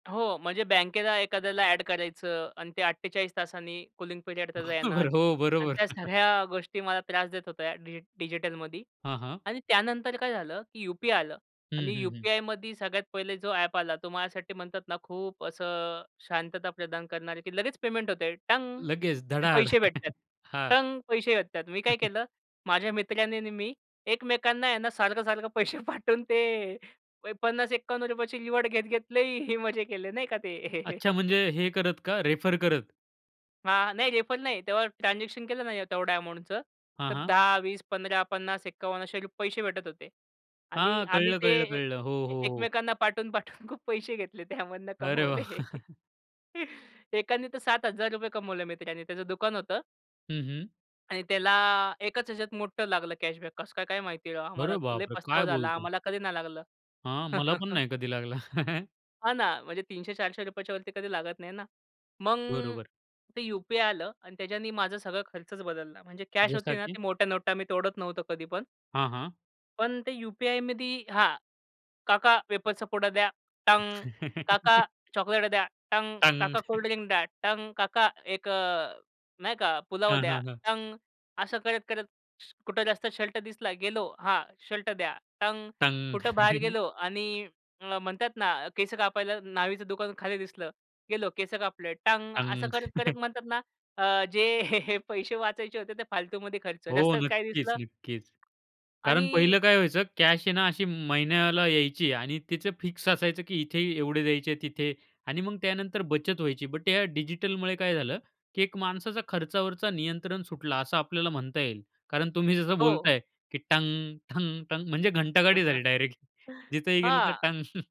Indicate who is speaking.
Speaker 1: हो. म्हणजे बँकेला एखाद्याला ऍड करायचं आणि ते 48 तासांनी कूलिंग पिरियड त्याचा येणार
Speaker 2: बरोबर, हो.
Speaker 1: आणि
Speaker 2: बरोबर.
Speaker 1: त्या सगळ्या गोष्टी मला त्रास देत होत्या, डि डिजिटलमध्ये.
Speaker 2: हां, हां.
Speaker 1: आणि त्यानंतर काय झालं की यू-पी-आय आलं आणि
Speaker 2: हं, हं, हं.
Speaker 1: यू-पी-आयमध्ये सगळ्यात पहिले जो ॲप आला तो माझ्यासाठी म्हणतात ना खूप असं शांतता प्रदान करणारे की लगेच पेमेंट होते टंग!
Speaker 2: लगेच
Speaker 1: आणि
Speaker 2: धडाड.
Speaker 1: पैसे भेटत आहेत
Speaker 2: हां.
Speaker 1: टंग! पैसे भेटत आहेत. मी काय केलं? माझ्या मित्राने आणि मी एकमेकांना यांना सारखं-सारखं पैसे पाठवून ते अ, ₹50-51ची रिवॉर्ड घेत-घेत खूप मजा केले नाही का ते.
Speaker 2: अच्छा म्हणजे हे करत का? रेफर करत?
Speaker 1: हां, नाही, रेफर नाही. तेव्हा ट्रान्झॅक्शन केलं ना या तेवढ्या अमाउंटचं,
Speaker 2: हां,
Speaker 1: तर
Speaker 2: हां.
Speaker 1: 10, 20, 15, 50, 51 असे रु पैसे भेटत होते. आणि
Speaker 2: हां,
Speaker 1: आम्ही
Speaker 2: कळलं,
Speaker 1: ते
Speaker 2: कळलं
Speaker 1: ए
Speaker 2: ,कळलं. हो, हो, हो.
Speaker 1: एकमेकांना पाठवून-पाठवून खूप पैसे घेतले, त्यामधन
Speaker 2: अरे वाह!
Speaker 1: कमवले. एकाने तर ₹7000 कमवले मित्रानी, त्याचं दुकान होतं
Speaker 2: हं, हं.
Speaker 1: आणि त्याला एकाच ह्याच्यात मोठं लागलं कॅशबॅक. कसं काय काय माहिती राव? आम्हाला
Speaker 2: अरे
Speaker 1: लई
Speaker 2: बापरे!
Speaker 1: पछतावा
Speaker 2: काय
Speaker 1: झाला
Speaker 2: बोलता?
Speaker 1: आम्हाला कधी नाही लागलं.
Speaker 2: हां. मला पण नाही कधी लागला.
Speaker 1: हां ना. म्हणजे ₹300-400च्या वरती कधी लागत नाही ना. मग
Speaker 2: बरोबर.
Speaker 1: ते यू-पी-आय आलं आणि त्याच्यानी माझा सगळा खर्चच बदलला. म्हणजे कॅश होती
Speaker 2: जसा
Speaker 1: ना,
Speaker 2: की?
Speaker 1: ते मोठ्या नोटा मी तोडत नव्हतो कधी पण.
Speaker 2: हां, हां.
Speaker 1: पण ते यू-पी-आयमध्ये हां. "काका वेफर्सचा पूडा द्या." टंग! "काका चॉकलेट द्या." टंग!
Speaker 2: टंग.
Speaker 1: "काका कोल्ड ड्रिंक द्या." टंग! "काका एक अ, नाही का, पुलाव
Speaker 2: हां,
Speaker 1: द्या."
Speaker 2: हां, हां.
Speaker 1: टंग! असं करत-करत कुठं जास्त शर्ट दिसला गेलो, "हां, शर्ट द्या." टंग!
Speaker 2: टंग.
Speaker 1: कुठं बाहेर गेलो आणि अ, म्हणतात ना केस कापायला न्हाव्याचं दुकान खाली दिसलं गेलो केस कापले, टंग! असं
Speaker 2: टंग.
Speaker 1: करत-करत म्हणतात ना, अ, जे पैसे वाचायचे होते ते फालतूमध्ये खर्च.
Speaker 2: हो
Speaker 1: रस्त्यात काही
Speaker 2: नक्कीच,
Speaker 1: दिसलं,
Speaker 2: नक्कीच. कारण
Speaker 1: आणि
Speaker 2: पहिलं काय व्हायचं? कॅश आहे ना अशी महिन्याला यायची आणि तिचं फिक्स असायचं की इथे एवढे द्यायचे, तिथे आणि मग त्यानंतर बचत व्हायची. बट या डिजिटलमुळे काय झालं? की एक माणसाचा खर्चावरचा नियंत्रण सुटला असं आपल्याला म्हणता येईल. कारण तुम्ही जसं
Speaker 1: हो.
Speaker 2: बोलताय की टंग, टंग, टंग, म्हणजे घंटागाडी झाली डायरेक्ट जिथंही गेलं तर
Speaker 1: हां.
Speaker 2: टंग.